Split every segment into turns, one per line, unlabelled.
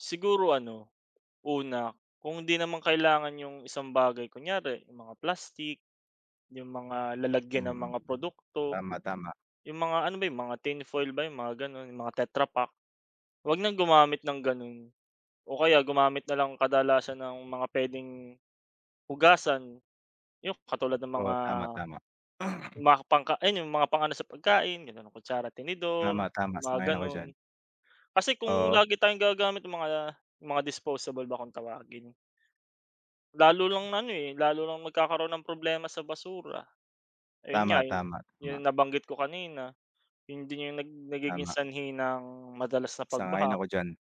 Siguro ano una kung 'di naman kailangan yung isang bagay, kunyari yung mga plastik yung mga lalagyan ng
Mm.
mga produkto,
Tama tama.
yung mga, ano ba yung mga tin foil ba yung mga ganon mga tetra pak. 'Wag ng gumamit ng ganun o kaya gumamit na lang kadalasan ng mga pwedeng hugasan yung katulad ng
Oo,
mga,
tama tama.
mga pangka ayun yung mga yung mga pang-ano sa pagkain ganun kutsara
Tama,
tinidor
tama
yung mga
sang-ayon ako diyan.
ganun. Kasi kung
Oo.
lagi tayong gagagamit nung mga, mga disposable ba kong tawagin. Lalo lang ano eh, lalo lang nagkakaroon ng problema sa basura. Ayun nga
Tama,
yu
tama,
yun
tama.
nabanggit ko kanina, 'Yon din yung nag nagiging
Tama.
sanhi ng madalas na
Sang-ayon
pagbaha.
ako diyan.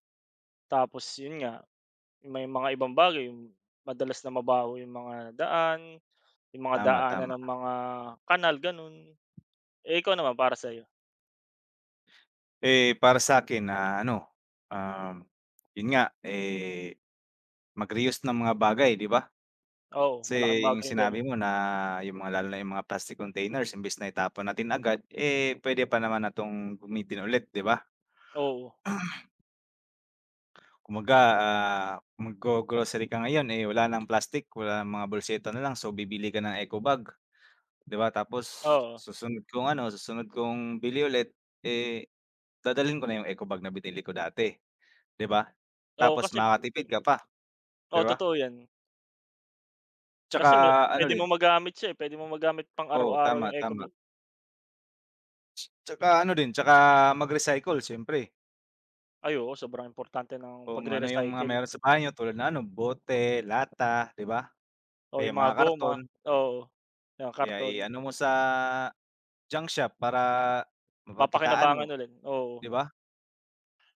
Tapos yun nga, may mga ibang bagay madalas na mabaho yung mga daan yung mga
Tama,
daanan
tama.
ng mga kanal ganun. Eh ikaw naman para sa'yo?
Eh, para sa 'kin na ano, ah yun nga eh mag-reuse ng mga bagay 'di ba,
Oo,
kase
malaking bagay yung
sinabi
ganun.
mo na yung mga lalo na yung mga plastic containers imbis na itapon natin agad, eh, puwede pa naman na 'tong gamitin ulit 'di ba?
Oo.
Kumbaga ah mag-go-grocery ka ngayon eh wala ng plastic wala ng mga bolseta nalang so bibili ka ng eco bag, 'di ba tapos
Oo.
susunod kong ano, susunod kong bili ulit eh dadalhin ko na yung eco bag na binili ko dati, 'di ba,
Oo
tapos
kasi.
makatipid ka pa. 'Di
O,
ba?
totoo 'yan. Kasi mot
Tsaka ano
puwede
rin.
mong magamit siya eh pwede mong magamit
Oo
pang-araw-araw
tama,
yung eco
tama.
bag.
Tsaka ano din tsaka mag-recycle siyempre.
Ay oo sobrang importante ng
Kung ano yung mga
pagre-recycle
meron sa bahay niyo tulad na ano bote, lata 'di ba,
O
kaya
yung mga
mga
goma,
karton.
oo yan
Eh, ah,
karton.
i-ano mo sa junk shop para mapagkakitaan
Mapakinabangan
mo
ulit oo.
'di ba?